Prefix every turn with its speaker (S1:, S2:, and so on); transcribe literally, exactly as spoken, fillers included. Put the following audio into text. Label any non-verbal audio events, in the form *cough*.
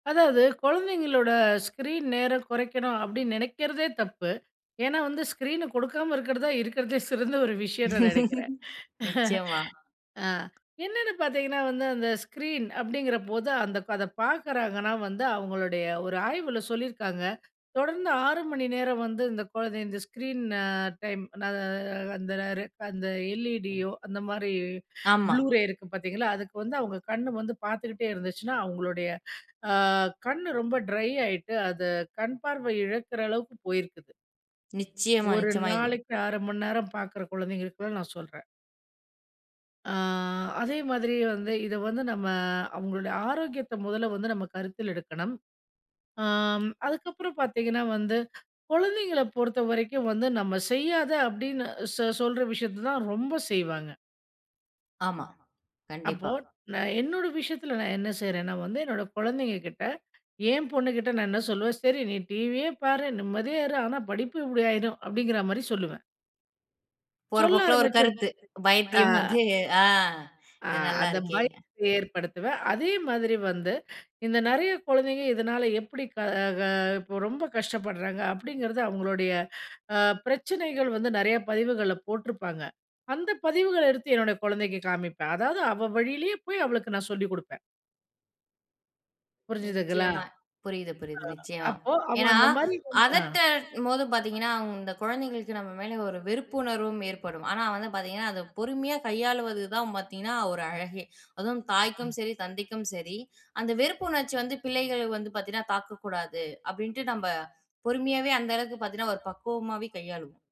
S1: அதாவது கொழந்தைங்களோட ஸ்கிரீன் நேரம் கொறைக்கணும் அப்டின்னு நெனைக்கிறதே தப்பு. ஏன்னா வந்து ஸ்கிரீனு குடுக்காம இருக்றதுதான் இருக்றதுலே சிறந்த ஒரு விஷயம்னு நெனைக்கிறேன்.
S2: *laughs*
S1: *chuckles*
S2: நிச்சயமா.
S1: அ என்னென்னு பார்த்தீங்கன்னா வந்து, அந்த ஸ்க்ரீன் அப்டிங்கிறபோது, அந்த அதப் பார்க்குறாங்கன்னா வந்து, அவங்களுடைய ஒரு ஆய்வுல சொல்லிருக்காங்க. தொடர்ந்து ஆறு மணி நேரம் வந்து இந்த கொழந்த இந்த ஸ்கிரீன அ டைம். ந அ அந்த ரே அந்த எல்இடியோ அந்த மாரி
S2: ஆமா.
S1: ப்ளூ ரே இருக்கு பார்த்தீங்களா? அதுக்கு வந்து அவங்க கண்ணு வந்து பார்த்துக்கிட்டே இருந்துச்சுன்னா, அவங்களுடய அ கண்ணு ரொம்ப ட்ரை ஆயிட்டு, அது கண் பார்வை இழக்கிற அளவுக்கு போயிருக்குது.
S2: நிச்சயமா,
S1: ஒரு
S2: நிச்சயமா. இது
S1: நாளைக்கு அரை மணி நேரம் பார்க்கிற கொழந்தைங்களுக்குதான் நான் சொல்றேன். ஆ அதே மாதிரி வந்து, இத வந்து நம்ம அவுங்களுடைய ஆரோக்கியத்த மொதல்ல வந்து நம்ம கருத்தில் எடுக்கணும். ஆ ம் அதுக்கப்புறம் பார்த்தீங்கன்னா வந்து, கொழந்தைங்கள பொறுத்த வரைக்கும், வந்து நம்ம செய்யாத அப்டின்னு சொ சொல்ற விஷயத்த தான் ரொம்ப செய்வாங்க.
S2: ஆமா,
S1: அப்போ,
S2: கண்டிப்பா.
S1: நான் என்னோட விஷயத்தில நான் என்ன செய்றேன்னா வந்து, என்னோட கொழந்தைங்க கிட்ட, என் பொண்ணுகிட்ட நான் என்ன சொல்லுவேன்? "சரி நீ டிவியே பாரு. நிம்மதியா இரு. ஆனா, படிப்பு இப்டி ஆயிரும்" அப்டிங்கிற மாரி சொல்லுவேன்.
S2: போற
S1: சொல்ல
S2: போக்குல ஒரு
S1: ஆரம்பிச்சப்
S2: கருத்து.
S1: ஆ.
S2: வைத்தியம் வந்து, ஆ
S1: அ,
S2: "இது நல்லா
S1: அந்த
S2: இருக்கே!"
S1: பயத்த ஏற்படுத்துவேன். அதே மாதிரி வந்து இந்த நெறைய கொழந்தைங்க இதனால எப்பிடி க க அ இப்போ ரொம்ப கஷ்டப்படுறாங்க. அப்டிங்கிறது அவுங்களுடைய அ பிரச்சனைகள் வந்து நெறைய பதிவுகள்ல போட்ருப்பாங்க. அந்த பதிவுகள எடுத்து என்னுடைய கொழந்தைக்கு காமிப்பேன். அதாவது அவள் வழியிலயே போய், அவளுக்கு நான் சொல்லிக் குடுப்பேன். புரிஞ்சுதுங்களா?
S2: நிச்சயமா.
S1: அ
S2: புரியுது, புரியுது. நிச்சயமா.
S1: அப்போ அவ
S2: ஏன்னா
S1: அந்த மாதிரி வந்து ஆ.
S2: அதட்டமோது பார்த்தீங்கன்னா, இந்த கொழந்தைகளுக்கு நம்ம மேலே ஒரு வெறுப்புணர்வும் ஏற்படும். ஆனா வந்து பார்த்தீங்கன்னா, அதை பொறுமையா கையாளுவது தான் பார்த்தீங்கன்னா, ஒரு அழகே! அதுவும் தாய்க்கும் சரி, தந்தைக்கும் சரி, அந்த வெறுப்பு உணர்ச்சி வந்து பிள்ளைகளுக்கு வந்து பார்த்தீங்கன்னா, தாக்கக்கூடாது அப்டின்ட்டு, நம்ம பொறுமையாவே அந்த அளவுக்கு பார்த்தீங்கன்னா, ஒரு பக்குவமாவே கையாளுவோம்.